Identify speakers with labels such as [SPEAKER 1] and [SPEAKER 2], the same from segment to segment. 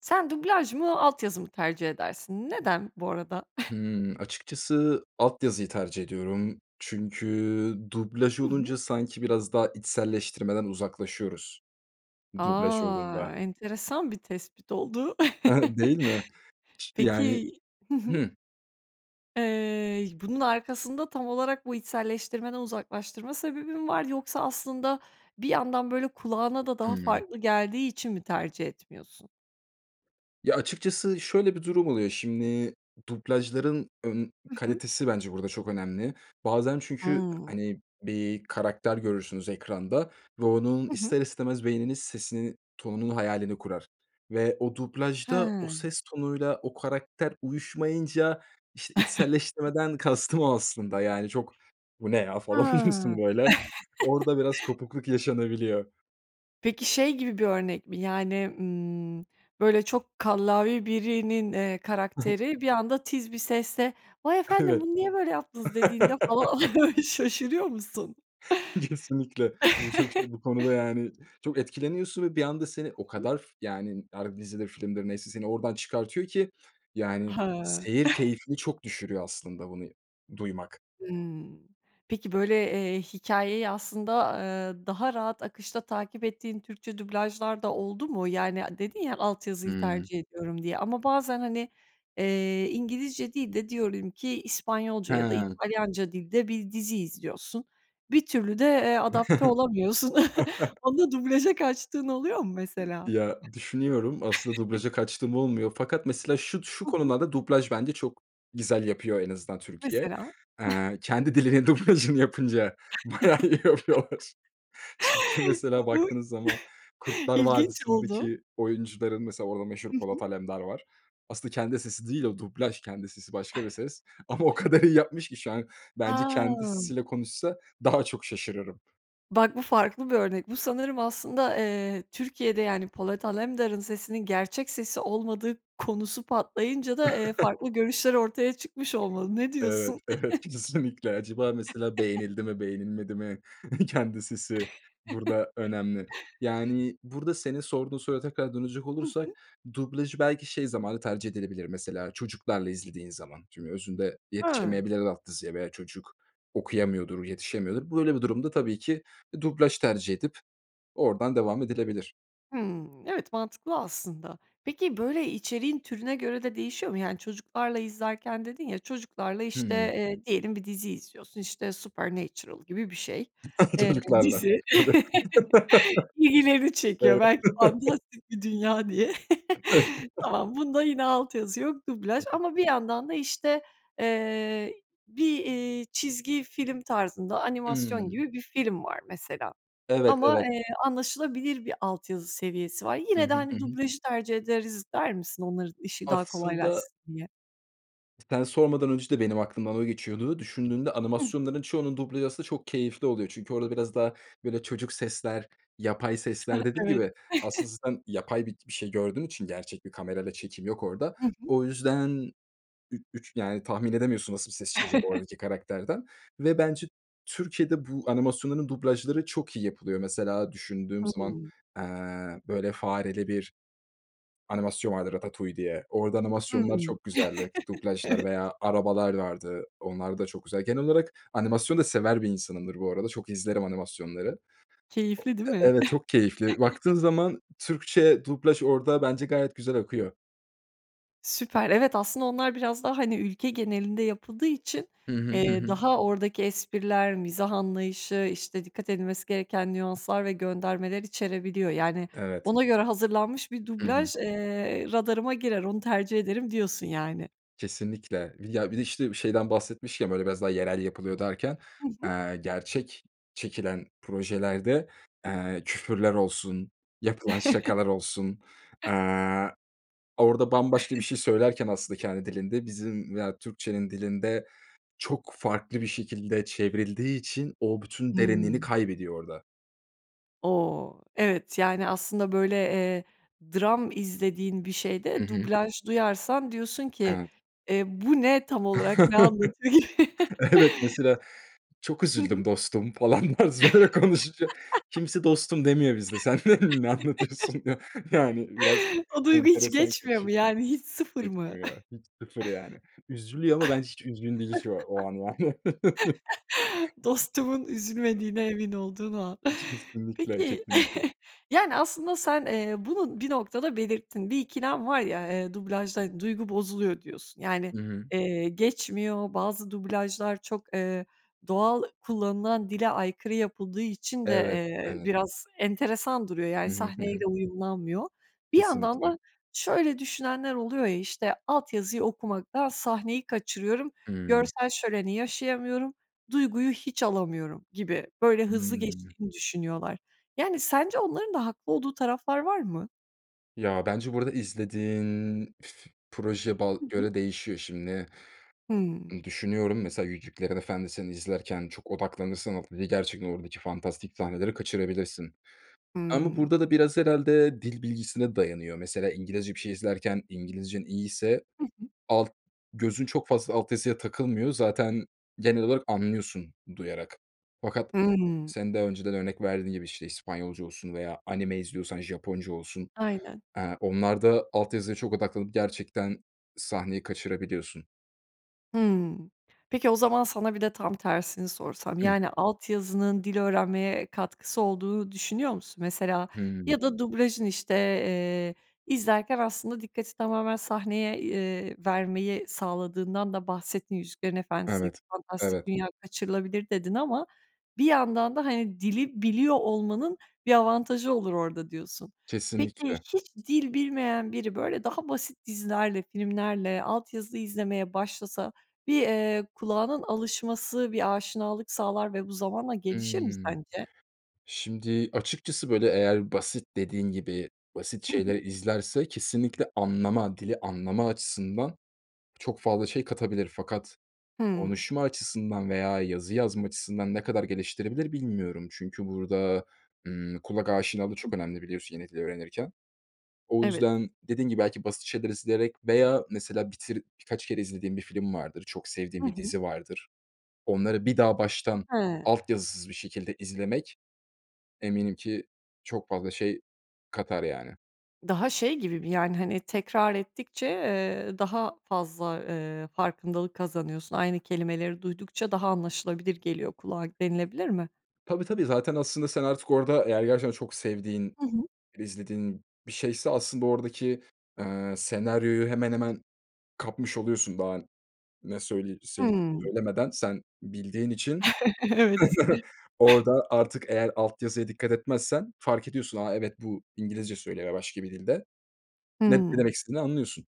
[SPEAKER 1] Sen dublaj mı, alt yazı mı tercih edersin? Neden, bu arada?
[SPEAKER 2] Hımm. Açıkçası, alt yazıyı tercih ediyorum çünkü dublaj
[SPEAKER 1] Hı hı.
[SPEAKER 2] olunca sanki biraz daha içselleştirmeden uzaklaşıyoruz, dublaj
[SPEAKER 1] A!
[SPEAKER 2] olduğunda.
[SPEAKER 1] Enteresan bir tespit oldu.
[SPEAKER 2] Hı hı. Değil mi? Çi yani.
[SPEAKER 1] Peki Hı hı,
[SPEAKER 2] Hıı.
[SPEAKER 1] eee, bunun arkasında tam olarak bu içselleştirmeden uzaklaştırma sebebi mi var, yoksa aslında bir yandan böyle kulağına da daha
[SPEAKER 2] Hıı.
[SPEAKER 1] farklı geldiği için mi tercih etmiyorsun?
[SPEAKER 2] Ya, açıkçası şöyle bir durum oluyor, şimdi dublajların, ımm,
[SPEAKER 1] Hı hı.
[SPEAKER 2] kalitesi bence burada çok önemli bazen çünkü,
[SPEAKER 1] Hıı.
[SPEAKER 2] hani, bir karakter görürsünüz ekranda ve onun
[SPEAKER 1] Hı hı.
[SPEAKER 2] ister istemez beyniniz sesini, tonunun hayalini kurar ve o dublajda o
[SPEAKER 1] He.
[SPEAKER 2] ses tonuyla o karakter uyuşmayınca, işte, içselleştirmeden kastım o aslında, yani, çok “Bu ne ya?” falan oluyorsun,
[SPEAKER 1] Ha.
[SPEAKER 2] böyle. Orada biraz kopukluk yaşanabiliyor.
[SPEAKER 1] Peki, şey gibi bir örnek mi yani, ımm, böyle, çok kallavi birinin, eee,
[SPEAKER 2] I hı.
[SPEAKER 1] karakteri bir anda, tiz bir sesle, "Vay efendim
[SPEAKER 2] Evet.
[SPEAKER 1] bunu niye böyle yaptınız" dediğinde falan şaşırıyor musun?
[SPEAKER 2] Kesinlikle. Bu çok şey, bu konuda yani çok etkileniyorsun ve bir anda seni o
[SPEAKER 1] I hı.
[SPEAKER 2] kadar, yani, ar Dizidir, filmdir neyse seni oradan çıkartıyor ki, yani,
[SPEAKER 1] He.
[SPEAKER 2] seyir keyfini çok düşürüyor aslında bunu duymak.
[SPEAKER 1] Hımm. Peki, böyle, eee, hikâyeyi aslında, eee, daha rahat akışta takip ettiğin Türkçe dublajlar da oldu mu? Yani, dedin ya, alt yazıyı
[SPEAKER 2] Hıı.
[SPEAKER 1] tercih ediyorum diye ama bazen, hani, eee, İngilizce değil de, diyorum ki, İspanyolca ya da
[SPEAKER 2] He.
[SPEAKER 1] İtalyanca dilde bir dizi izliyorsun, bir türlü de, eee, adapte olamıyorsun. Onda dublaja kaçtığın oluyor mu mesela?
[SPEAKER 2] Ya, düşünüyorum, aslında dublaja kaçtığım olmuyor fakat, mesela, şud şu
[SPEAKER 1] Hı hı.
[SPEAKER 2] konularda dublaj bence çok güzel yapıyor en azından Türkiye.
[SPEAKER 1] Mesela?
[SPEAKER 2] Eee, kendi dilinin dublajını yapınca bayağı iyi yapıyorlar. Çünkü, mesela, baktığınız zaman
[SPEAKER 1] [unintelligible]
[SPEAKER 2] Kurtlar
[SPEAKER 1] İlginç oldu.
[SPEAKER 2] Vadisi'ndeki oyuncuların, mesela, orada meşhur
[SPEAKER 1] Hı hı.
[SPEAKER 2] Polat Alemdar var. Aslında kendi sesi değil o, dublaj. Kendi sesi başka bir ses ama o kadar iyi yapmış ki şu an bence kendi
[SPEAKER 1] Ha.
[SPEAKER 2] sesiyle konuşsa daha çok şaşırırım.
[SPEAKER 1] Bak bu farklı bir örnek. Bu sanırım aslında, eee, Türkiye'de, yani, Polat Alemdar'ın sesinin gerçek sesi olmadığı konusu patlayınca da, eee, farklı görüşler ortaya çıkmış olmalı, ne
[SPEAKER 2] Evet,
[SPEAKER 1] diyorsun?
[SPEAKER 2] evet, kesinlikle. Acaba, mesela, beğenildi mi, beğenilmedi mi? Kendi sesi, burada önemli. Yani, burada senin sorduğun soruya kadar dönecek
[SPEAKER 1] Hı hı.
[SPEAKER 2] olursak, dublajı belki şey zamanı tercih edilebilir, mesela, çocuklarla izlediğin zaman çünkü özünde
[SPEAKER 1] Hıı.
[SPEAKER 2] yetişemeyebilir alt yazıya veya çocuk okuyamıyordur, yetişemiyordur. Böyle bir durumda tabii ki dublaj tercih edip oradan devam edilebilir.
[SPEAKER 1] Hıı. Evet, mantıklı aslında. Peki, böyle, içeriğin türüne göre de değişiyor mu? Yani, çocuklarla izlerken dedin ya, çocuklarla, işte,
[SPEAKER 2] Hıı.
[SPEAKER 1] eee, diyelim bir dizi izliyorsun. İşte, Supernatural gibi bir şey, eee,
[SPEAKER 2] Çocuklarla.
[SPEAKER 1] dizi
[SPEAKER 2] Tabii.
[SPEAKER 1] ilgilerini çekiyor,
[SPEAKER 2] Evet.
[SPEAKER 1] belki fantastik bir dünya diye.
[SPEAKER 2] [unintelligible]
[SPEAKER 1] Tamam, bunda yine alt yazı yok,
[SPEAKER 2] Hı
[SPEAKER 1] dublaj
[SPEAKER 2] hı.
[SPEAKER 1] ama bir yandan da işte, eee, bir, eee, çizgi film tarzında animasyon
[SPEAKER 2] Hıı.
[SPEAKER 1] gibi bir film var mesela
[SPEAKER 2] Evet,
[SPEAKER 1] ama,
[SPEAKER 2] evet.
[SPEAKER 1] eee, anlaşılabilir bir alt yazı seviyesi var.
[SPEAKER 2] Hı
[SPEAKER 1] Yine de,
[SPEAKER 2] hı, hı
[SPEAKER 1] hani,
[SPEAKER 2] hı.
[SPEAKER 1] dublajı tercih ederiz der misin, onların işi daha
[SPEAKER 2] Aslında
[SPEAKER 1] kolaylaşsın diye?
[SPEAKER 2] Sen sormadan önce de benim aklımdan o geçiyordu. Düşündüğünde
[SPEAKER 1] Hı hı.
[SPEAKER 2] animasyonların çoğunun dublajı aslında çok keyifli oluyor. Çünkü orada biraz daha, böyle, çocuk sesler, yapay
[SPEAKER 1] Ah,
[SPEAKER 2] sesler, dediğim
[SPEAKER 1] evet.
[SPEAKER 2] gibi, aslında sen yapay bi bir şey gördüğün için gerçek bir kamerayla çekim yok orada.
[SPEAKER 1] Hı hı.
[SPEAKER 2] O yüzden üç üç, yani, tahmin edemiyorsun nasıl bir ses çıkacak oradaki karakterden ve bence Türkiye'de bu animasyonların dublajları çok iyi yapılıyor. Mesela, düşündüğüm zaman,
[SPEAKER 1] Hıı.
[SPEAKER 2] eee, böyle, fareli bir animasyon var, Ratatouille diye. Orada
[SPEAKER 1] Hıı.
[SPEAKER 2] animasyonlar çok güzeldi, dublajlar
[SPEAKER 1] Evet.
[SPEAKER 2] veya Arabalar vardı. Onlar da çok güzel. Genel olarak animasyon da sever bir insanımdır bu arada, çok izlerim animasyonları.
[SPEAKER 1] Keyifli, değil
[SPEAKER 2] O
[SPEAKER 1] mi?
[SPEAKER 2] evet, çok keyifli. Baktığın zaman Türkçe dublaj orada bence gayet güzel akıyor.
[SPEAKER 1] Süper, evet, aslında onlar biraz daha, hani, ülke genelinde yapıldığı için,
[SPEAKER 2] Hı hı, hı
[SPEAKER 1] eee,
[SPEAKER 2] hı.
[SPEAKER 1] daha oradaki espriler, mizah anlayışı, işte, dikkat edilmesi gereken nüanslar ve göndermeler içerebiliyor. Yani,
[SPEAKER 2] Evet.
[SPEAKER 1] "Ona göre hazırlanmış bir
[SPEAKER 2] Hı hı.
[SPEAKER 1] dublaj, eee, radarıma girer, onu tercih ederim." diyorsun, yani.
[SPEAKER 2] Kesinlikle. Ya, bir de, işte, şeyden bahsetmişken, böyle, biraz daha yerel yapılıyor derken,
[SPEAKER 1] Hı hı.
[SPEAKER 2] eee, gerçek çekilen projelerde, eee, küfürler olsun, yapılan şakalar olsun. Eee, orada bambaşka bir şey söylerken aslında kendi dilinde bizim veya Türkçenin dilinde çok farklı bir şekilde çevrildiği için o bütün derinliğini
[SPEAKER 1] Hıı.
[SPEAKER 2] kaybediyor orada.
[SPEAKER 1] O! Evet, yani, aslında, böyle, eee, dram izlediğin bir
[SPEAKER 2] Hı
[SPEAKER 1] şeyde
[SPEAKER 2] hı.
[SPEAKER 1] dublaj duyarsan, diyorsun ki,
[SPEAKER 2] Evet.
[SPEAKER 1] eee, bu ne tam olarak ne anlatıyor gi
[SPEAKER 2] Evet, mesela, "Çok
[SPEAKER 1] Hı hı.
[SPEAKER 2] üzüldüm dostum." falan tarzı böyle konuşunca. Kimse "dostum" demiyor bizde, sen n ne anlatıyorsun diyor. Yani, biraz
[SPEAKER 1] O duygu hiç
[SPEAKER 2] enteresan
[SPEAKER 1] geçmiyor mu?
[SPEAKER 2] kaçıyor,
[SPEAKER 1] Yani, hiç, sıfır mı?
[SPEAKER 2] geçmiyor, hiç sıfır, yani. Üzülüyor ama ben hiç üzgün değil şu a o an, yani.
[SPEAKER 1] Dostumun üzülmediğine emin olduğun o an.
[SPEAKER 2] Kesinlikle,
[SPEAKER 1] Peki,
[SPEAKER 2] kesinlikle.
[SPEAKER 1] yani, aslında sen, eee, bunu bir noktada belirttin, "Bir ikilem var ya, eee, dublajla duygu bozuluyor." diyorsun. Yani,
[SPEAKER 2] I hı.
[SPEAKER 1] eee, geçmiyor, bazı dublajlar çok, ııı, doğal kullanılan dile aykırı yapıldığı için de,
[SPEAKER 2] Evet,
[SPEAKER 1] eee,
[SPEAKER 2] evet.
[SPEAKER 1] biraz enteresan duruyor.
[SPEAKER 2] Hı
[SPEAKER 1] Yani,
[SPEAKER 2] hı, hı hı.
[SPEAKER 1] sahneyle uyumlanmıyor. Bir yandan
[SPEAKER 2] Kesinlikle.
[SPEAKER 1] da şöyle düşünenler oluyor ya, işte, alt yazıyı okumaktan sahneyi kaçırıyorum,
[SPEAKER 2] Hıı.
[SPEAKER 1] görsel şöleni yaşayamıyorum, duyguyu hiç alamıyorum gibi, böyle, hızlı
[SPEAKER 2] Hıı.
[SPEAKER 1] geçtiğini düşünüyorlar. Yani, sence onların da haklı olduğu taraflar var mı?
[SPEAKER 2] Ya, bence burada izlediğin f proje ba
[SPEAKER 1] Hı hı.
[SPEAKER 2] göre değişiyor. Şimdi,
[SPEAKER 1] Hıı.
[SPEAKER 2] ııı, düşünüyorum, mesela, Yüzüklerin Efendisi'ni izlerken çok odaklanırsan, o i gerçekten oradaki fantastik sahneleri kaçırabilirsin. Ama
[SPEAKER 1] Hıı.
[SPEAKER 2] burada da biraz herhâlde dil bilgisine dayanıyor. Mesela, İngilizce bir şey izlerken İngilizcen iyiyse
[SPEAKER 1] Hı hı.
[SPEAKER 2] alt gözün çok fazla alt yazıya takılmıyor. Zaten genel olarak anlıyorsun, duyarak. Fakat
[SPEAKER 1] Hıı.
[SPEAKER 2] senin daha önceden örnek verdiğin gibi, işte, İspanyolca olsun veya anime izliyorsan Japonca olsun.
[SPEAKER 1] Aynen.
[SPEAKER 2] Aaa, onlarda alt yazıya çok odaklanıp gerçekten sahneyi kaçırabiliyorsun.
[SPEAKER 1] Hıı. Peki, o zaman sana bir de tam tersini sorsam.
[SPEAKER 2] Hı.
[SPEAKER 1] Yani, alt yazının dil öğrenmeye katkısı olduğunu düşünüyor musun? Mesela
[SPEAKER 2] Hıı.
[SPEAKER 1] ya da dublajın, işte, eee, izlerken aslında dikkati tamamen sahneye, ııı, vermeyi sağladığından da bahsettin. Yüzüklerin
[SPEAKER 2] Evet,
[SPEAKER 1] Efendisi'deki fantastik
[SPEAKER 2] evet.
[SPEAKER 1] dünya kaçırılabilir dedin ama bir yandan da, hani, dili biliyor olmanın bir avantajı olur orada diyorsun. Peki,
[SPEAKER 2] Kesinlikle.
[SPEAKER 1] hiç dil bilmeyen biri, böyle, daha basit dizilerle, filmlerle alt yazı izlemeye başlasa, bir, eee, kulağının alışması, bir aşinalık sağlar ve bu zamanla gelişir mi
[SPEAKER 2] Hımm.
[SPEAKER 1] sence?
[SPEAKER 2] Şimdi açıkçası, böyle, eğer basit, dediğin gibi, basit
[SPEAKER 1] Hı
[SPEAKER 2] şeyler
[SPEAKER 1] hı.
[SPEAKER 2] izlerse kesinlikle anlama, dili anlama açısından çok fazla şey katabilir fakat
[SPEAKER 1] Hıı.
[SPEAKER 2] konuşma açısından veya yazı yazma açısından ne kadar geliştirebilir bilmiyorum. Çünkü burada, ımm, kulak aşinalığı
[SPEAKER 1] Hı hı.
[SPEAKER 2] çok önemli, biliyorsun, yeni dili öğrenirken. O
[SPEAKER 1] Evet.
[SPEAKER 2] yüzden dediğin gibi belki basit şeyler izleyerek veya mesela bitir birkaç kere izlediğin bir film vardır, çok
[SPEAKER 1] Hı
[SPEAKER 2] sevdiğin bir
[SPEAKER 1] hı.
[SPEAKER 2] dizi vardır. Onları bir daha baştan
[SPEAKER 1] He.
[SPEAKER 2] alt yazısız bir şekilde izlemek eminim ki çok fazla şey katar, yani.
[SPEAKER 1] Daha şey gibi mi, yani, hani, tekrar ettikçe, eee, daha fazla, eee, farkındalık kazanıyorsun. Aynı kelimeleri duydukça daha anlaşılabilir geliyor kulağa denilebilir mi?
[SPEAKER 2] Tabii, tabii, zaten aslında sen artık orada eğer gerçekten çok sevdiğin,
[SPEAKER 1] Hı hı.
[SPEAKER 2] izlediğin bir şeyse aslında oradaki, eee, senaryoyu hemen hemen kapmış oluyorsun daha ne söyle seyi
[SPEAKER 1] Hımm.
[SPEAKER 2] söylemeden sen bildiğin için
[SPEAKER 1] Evet.
[SPEAKER 2] orada artık eğer alt yazıya dikkat etmezsen fark ediyorsun, "A, evet, bu İngilizce söylüyor." veya başka bir dilde. Net ne
[SPEAKER 1] Hımm.
[SPEAKER 2] demek istediğini anlıyorsun.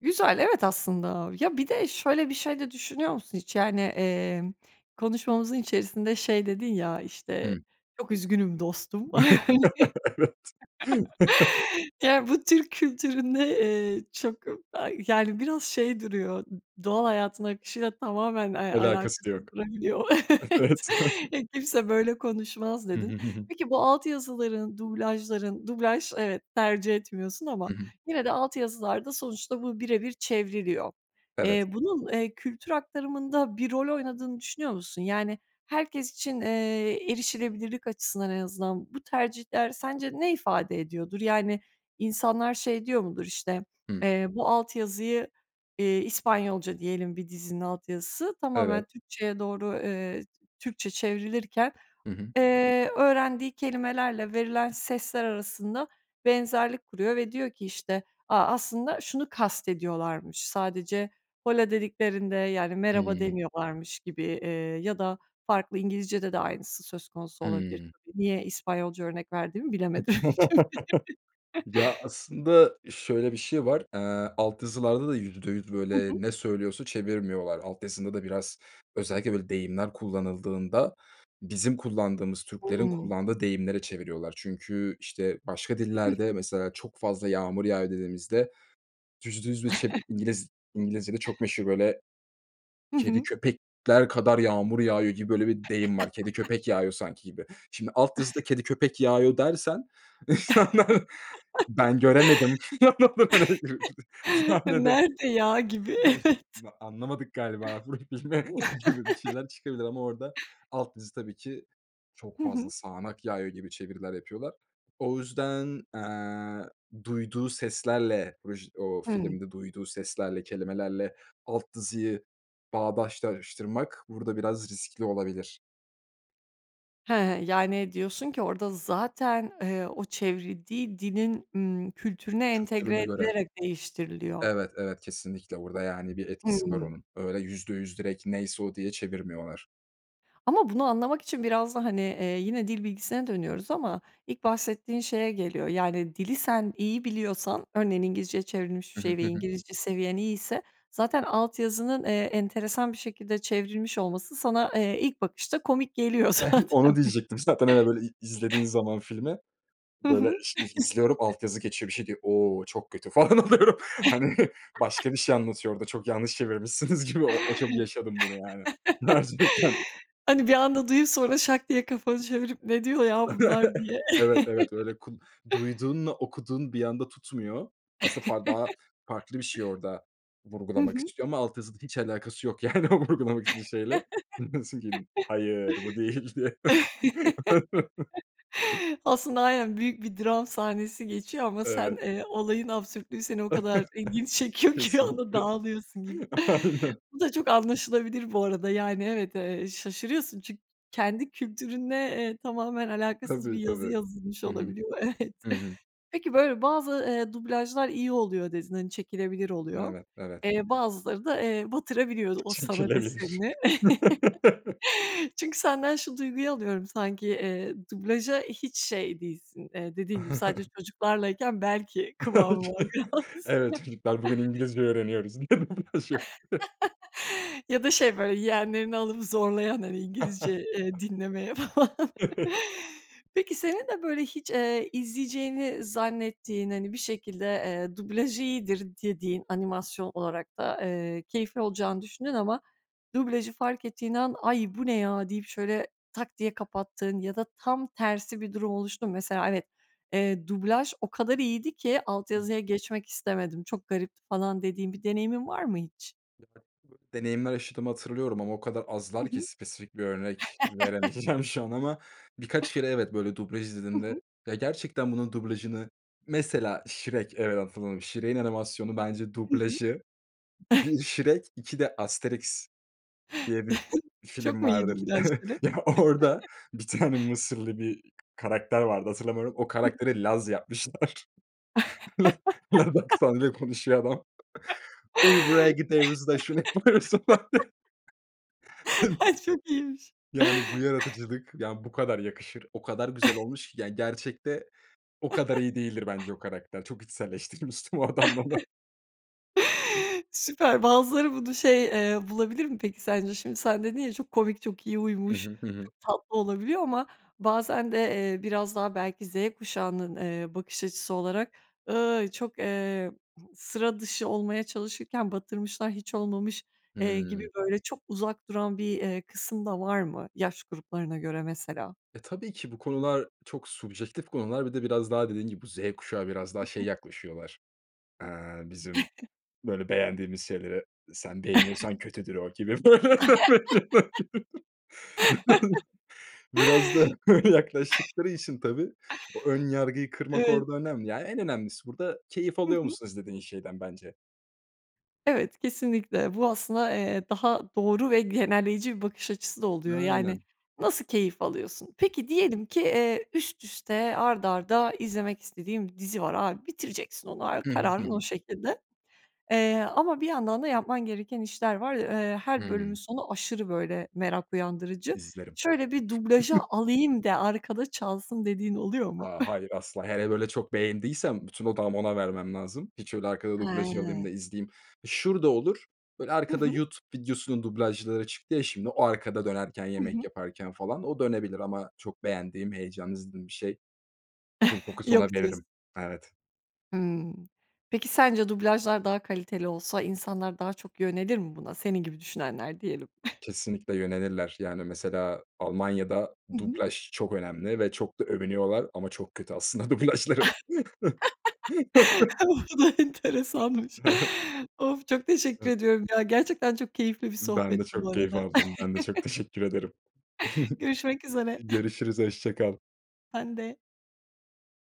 [SPEAKER 1] Güzel, evet, aslında. Ya, bir de şöyle bir şey de düşünüyor musun hiç? Yani, emm, konuşmamızın içerisinde, şey, dedin ya, işte,
[SPEAKER 2] Hımm.
[SPEAKER 1] "Çok üzgünüm dostum."
[SPEAKER 2] Evet.
[SPEAKER 1] Yani, bu Türk kültüründe, eee, çok, a yani, biraz şey duruyor, doğal hayatın akışıyla tamamen, eee,
[SPEAKER 2] Alakası
[SPEAKER 1] alakasız
[SPEAKER 2] yok.
[SPEAKER 1] durabiliyor. Evet,
[SPEAKER 2] Evet.
[SPEAKER 1] "Ya, kimse böyle konuşmaz."
[SPEAKER 2] Hı hı,
[SPEAKER 1] dedin.
[SPEAKER 2] hı hı.
[SPEAKER 1] Peki, bu alt yazıların, dublajların dublaj evet, tercih etmiyorsun ama
[SPEAKER 2] Hı hı.
[SPEAKER 1] yine de alt yazılarda sonuçta bu bire bir çevriliyor.
[SPEAKER 2] Evet.
[SPEAKER 1] Eee, bunun, eee, kültür aktarımında bir rol oynadığını düşünüyor musun? Yani, herkes için, eee, erişilebilirlik açısından en azından bu tercihler sence ne ifade ediyordur? Yani, insanlar, şey, diyor mudur? İşte,
[SPEAKER 2] Hı.
[SPEAKER 1] eee, bu alt yazıyı eee, İspanyolca diyelim bir dizinin alt yazısı tamamen
[SPEAKER 2] Evet.
[SPEAKER 1] Türkçeye doğru, eee, Türkçe çevrilirken,
[SPEAKER 2] Hı hı.
[SPEAKER 1] eee, öğrendiği kelimelerle verilen sesler arasında benzerlik kuruyor ve diyor ki, işte, "A, aslında şunu kastediyorlarmış. Sadece hola dediklerinde, yani, merhaba
[SPEAKER 2] Hımm.
[SPEAKER 1] demiyorlarmış." gibi, eee, ya da farklı İngilizcede de aynısı söz konusu olabilir
[SPEAKER 2] Hımm.
[SPEAKER 1] tabii. Niye İspanyolca örnek verdiğimi bilemedim. [unintelligible]
[SPEAKER 2] Ya, aslında şöyle bir şey var, eee, alt yazılarda da %100,
[SPEAKER 1] Hı
[SPEAKER 2] böyle,
[SPEAKER 1] hı.
[SPEAKER 2] ne söylüyorsa çevirmiyorlar. Alt yazıda da biraz özellikle, böyle, deyimler kullanıldığında bizim kullandığımız, Türklerin
[SPEAKER 1] Hımm.
[SPEAKER 2] kullandığı deyimlere çeviriyorlar. Çünkü, işte, başka
[SPEAKER 1] Hı
[SPEAKER 2] dillerde
[SPEAKER 1] hı.
[SPEAKER 2] mesela çok fazla yağmur yağıyor dediğimizde %100 bir çev İngiliz İngilizcede çok meşhur, böyle,
[SPEAKER 1] Hı
[SPEAKER 2] "Kedi,
[SPEAKER 1] hı.
[SPEAKER 2] köpekler kadar yağmur yağıyor." gibi, böyle, bir deyim var "Kedi, köpek yağıyor sanki." gibi. Şimdi, alt yazıda "Kedi, köpek yağıyor." dersen Ben göremedim [unintelligible] sahnede
[SPEAKER 1] Nerede ya gibi.
[SPEAKER 2] yani,
[SPEAKER 1] Evet.
[SPEAKER 2] ma anlamadık galiba burayı filme gibi bir şeyler çıkabilir ama orada alt yazı tabii ki: "Çok
[SPEAKER 1] Hı hı.
[SPEAKER 2] fazla sağanak yağıyor." gibi çeviriler yapıyorlar. O yüzden, eee, duyduğu seslerle vıj o
[SPEAKER 1] Hımm.
[SPEAKER 2] filmde duyduğu seslerle, kelimelerle alt yazıyı bağdaştırmak burada biraz riskli olabilir.
[SPEAKER 1] He, yani, diyorsun ki, orada zaten, eee, o çevrildiği dilin, ımm, kültürüne entegre
[SPEAKER 2] Kültürüne göre.
[SPEAKER 1] edilerek değiştiriliyor.
[SPEAKER 2] Evet, evet, kesinlikle. Burada, yani, bir etkisi var
[SPEAKER 1] Hımm.
[SPEAKER 2] onun. Öyle, %100 direkt neyse o diye çevirmiyorlar.
[SPEAKER 1] Ama bunu anlamak için biraz da, hani, eee, yine dil bilgisine dönüyoruz ama ilk bahsettiğin şeye geliyor, yani, dili sen iyi biliyorsan, örneğin, İngilizceye çevrilmiş bir
[SPEAKER 2] Hı
[SPEAKER 1] şey
[SPEAKER 2] hı,
[SPEAKER 1] ve
[SPEAKER 2] hı hı.
[SPEAKER 1] İngilizce seviyen iyiyse zaten alt yazının, eee, enteresan bir şekilde çevrilmiş olması sana, eee, ilk bakışta komik geliyor
[SPEAKER 2] Onu
[SPEAKER 1] zaten,
[SPEAKER 2] diyecektim. Zaten eve böyle, i izlediğin
[SPEAKER 1] bir
[SPEAKER 2] zaman filmi,
[SPEAKER 1] Hı
[SPEAKER 2] böyle
[SPEAKER 1] hı.
[SPEAKER 2] iş izliyorum alt yazı geçiyor, bir şey diyor, o çok kötü falan oluyorum. Hani, başka bir şey anlatıyor orada, çok yanlış çevirmişsiniz gibi. O o çok yaşadım bunu, yani gerçekten.
[SPEAKER 1] Hani, bir anda duyup sonra şak diye kafanı çevirip, “Ne diyor ya bunlar?” diye.
[SPEAKER 2] Evet, evet. Öyle, kul duyduğunla okuduğun bir anda tutmuyor. Aslında, far daha farklı bir şey orada
[SPEAKER 1] Hı
[SPEAKER 2] vurgulamak
[SPEAKER 1] hı.
[SPEAKER 2] istiyor ama alt yazıda hiç alakası yok, yani, o vurgulamak istediğin şeyle. [unintelligible] Hayır, bu değildi.
[SPEAKER 1] Aslında, aynen, büyük bir dram sahnesi geçiyor ama sen,
[SPEAKER 2] Evet.
[SPEAKER 1] eee, olayın absürtlüğü seni o kadar ilgini çekiyor ki bir anda
[SPEAKER 2] Kesinlikle.
[SPEAKER 1] dağılıyorsun gibi.
[SPEAKER 2] Aynen.
[SPEAKER 1] Bu da çok anlaşılabilir bu arada. Yani, evet, eee, şaşırıyorsun çünkü kendi kültürünle, eee, tamamen alakasız bir
[SPEAKER 2] Tabii,
[SPEAKER 1] yazı
[SPEAKER 2] tabii.
[SPEAKER 1] yazılmış
[SPEAKER 2] Hı hı.
[SPEAKER 1] olabiliyor, evet.
[SPEAKER 2] Hı hı.
[SPEAKER 1] Peki böyle bazı, eee, dublajlar iyi oluyor dedin, hani, çekilebilir oluyor.
[SPEAKER 2] Evet, evet.
[SPEAKER 1] Eee, bazıları da, eee, batırabiliyor o sanat
[SPEAKER 2] Çekilebilir.
[SPEAKER 1] eserini. Çünkü senden şu duyguyu alıyorum sanki, eee, dublaja hiç şey değilsin, eee dediğin gibi sadece çocuklarlayken belki kıvamı var biraz.
[SPEAKER 2] Evet, çocuklar, bugün İngilizce öğreniyoruz.. [unintelligible]
[SPEAKER 1] Ya da şey, böyle, yeğenlerini alıp zorlayan, hani, İngilizce, eee, dinlemeye falan. Peki, senin de böyle hiç, eee, izleyeceğini zannettiğin, hani, bir şekilde, eee, dublaj iyidir dediğin, animasyon olarak da, ııı, keyifli olacağını düşündüğün ama dublajı fark ettiğin an, “Ay, bu ne ya?” deyip, şöyle tak diye kapattığın ya da tam tersi bir durum oluştu mu? Mesela, evet, eee, dublaj o kadar iyiydi ki alt yazıya geçmek istemedim, çok garipti, falan dediğin bir deneyimin var mı hiç?
[SPEAKER 2] [unintelligible] Deneyimler yaşadığımı hatırlıyorum ama o kadar
[SPEAKER 1] Hı
[SPEAKER 2] azlar ki
[SPEAKER 1] hı.
[SPEAKER 2] spesifik bir örnek veremeyeceğim, şu an. Ama birkaç kere, evet, böyle, dublaj
[SPEAKER 1] Hı
[SPEAKER 2] izlediğimde
[SPEAKER 1] hı.
[SPEAKER 2] Ya, gerçekten bunun dublajını Mesela Shrek, evet, hatırladım. Shrek'in animasyonu, bence,
[SPEAKER 1] Hı hı.
[SPEAKER 2] dublajı 1 Shrek, 2 de Asteriks diye bir
[SPEAKER 1] Çok
[SPEAKER 2] film
[SPEAKER 1] mu iyi
[SPEAKER 2] vardır.
[SPEAKER 1] dublajları?
[SPEAKER 2] Ya, orada bir tane Mısırlı bir k karakter vardı, hatırlamıyorum, o
[SPEAKER 1] Hı hı.
[SPEAKER 2] karakteri Laz yapmışlar. La laz aksanıyla konuşuyor adam. “Uy, buraya gideyruz da” “Şunu yapayruz.”
[SPEAKER 1] Ay, çok iyiymiş.
[SPEAKER 2] [unintelligible] Yani, bu yaratıcılık, yani, bu kadar yakışır. O kadar güzel olmuş ki, yani, gerçekte o kadar iyi değildir bence o karakter, çok içselleştirmiştim o adamla onu.
[SPEAKER 1] Süper, bazıları bunu şey, eee, bulabilir mi, peki, sence? Şimdi sen dedin ya, çok komik, çok iyi
[SPEAKER 2] Hı
[SPEAKER 1] uymuş,
[SPEAKER 2] hı, hı hı.
[SPEAKER 1] çok tatlı olabiliyor ama bazen de, eee, biraz daha belki Z kuşağının, eee, bakış açısı olarak,“Iyy, çok, eee, sıra dışı olmaya çalışırken batırmışlar, hiç olmamış,” eee, gibi,
[SPEAKER 2] Hımm.
[SPEAKER 1] böyle, çok uzak duran bir, eee, kısım da var mı yaş gruplarına göre mesela?
[SPEAKER 2] E, tabii ki bu konular çok subjektif konular. Bir de biraz daha dediğin gibi Z kuşağı biraz
[SPEAKER 1] Hı
[SPEAKER 2] daha şey
[SPEAKER 1] hı.
[SPEAKER 2] yaklaşıyorlar. Eee, bizim böyle beğendiğimiz şeyleri “Sen beğeniyorsan kötüdür.” O gibi, böyle. Biraz da öyle yaklaştıkları için tabii o ön yargıyı kırmak
[SPEAKER 1] Evet.
[SPEAKER 2] orada önemli. Ya, en önemlisi burada keyif
[SPEAKER 1] Hı
[SPEAKER 2] alıyor
[SPEAKER 1] hı.
[SPEAKER 2] musun izlediğin şeyden, bence.
[SPEAKER 1] Evet, kesinlikle. Bu aslında, eee, daha doğru ve genelleyici bir bakış açısı da oluyor. Yani,
[SPEAKER 2] Aynen.
[SPEAKER 1] nasıl keyif alıyorsun? Peki, diyelim ki, eee, üst üste, art arda izlemek istediğin bir dizi var, Abi, bitireceksin onu
[SPEAKER 2] Hı hı, hı
[SPEAKER 1] kararın
[SPEAKER 2] hı.
[SPEAKER 1] o şekilde. Eee, ama bir yandan da yapman gereken işler var. Eee, her bölümün
[SPEAKER 2] Hımm.
[SPEAKER 1] sonu aşırı, böyle, merak uyandırıcı.
[SPEAKER 2] İzlerim.
[SPEAKER 1] “Şöyle bir dublaja alayım de arkada çalsın,” dediğin oluyor mu?
[SPEAKER 2] A, hayır, asla. Hele, böyle çok beğendiysem bütün odağımı ona vermem lazım. Hiç öyle arkada dublaja alayım da
[SPEAKER 1] Hıı.
[SPEAKER 2] izleyeyim. Şurada olur. Böyle,
[SPEAKER 1] Hı
[SPEAKER 2] arkada
[SPEAKER 1] hı.
[SPEAKER 2] YouTube videosunun dublajları çıktı ya şimdi. O arkada dönerken
[SPEAKER 1] Hı
[SPEAKER 2] yemek
[SPEAKER 1] hı.
[SPEAKER 2] yaparken, falan, o dönebilir ama çok beğendiğim heyecanlı izlediğim bir şey. Ful fokus ona
[SPEAKER 1] Yok diyorsun.
[SPEAKER 2] veririm. Evet.
[SPEAKER 1] Hımm. Peki, sence dublajlar daha kaliteli olsa insanlar daha çok yönelir mi buna? Senin gibi düşünenler, diyelim.
[SPEAKER 2] Kesinlikle yönelirler. Yani, mesela, Almanya'da
[SPEAKER 1] Hı hı.
[SPEAKER 2] dublaj çok önemli ve çok da övünüyorlar ama çok kötü aslında dublajları.
[SPEAKER 1] Bu da enteresanmış.
[SPEAKER 2] Hı hı.
[SPEAKER 1] Of, çok teşekkür
[SPEAKER 2] Hı.
[SPEAKER 1] ediyorum, ya, gerçekten çok keyifli bir
[SPEAKER 2] Ben de
[SPEAKER 1] sohbetti bu
[SPEAKER 2] çok keyif
[SPEAKER 1] arada.
[SPEAKER 2] aldım, ben de çok teşekkür ederim.
[SPEAKER 1] Görüşmek üzere.
[SPEAKER 2] Görüşürüz, hoşça kal.
[SPEAKER 1] Sen de.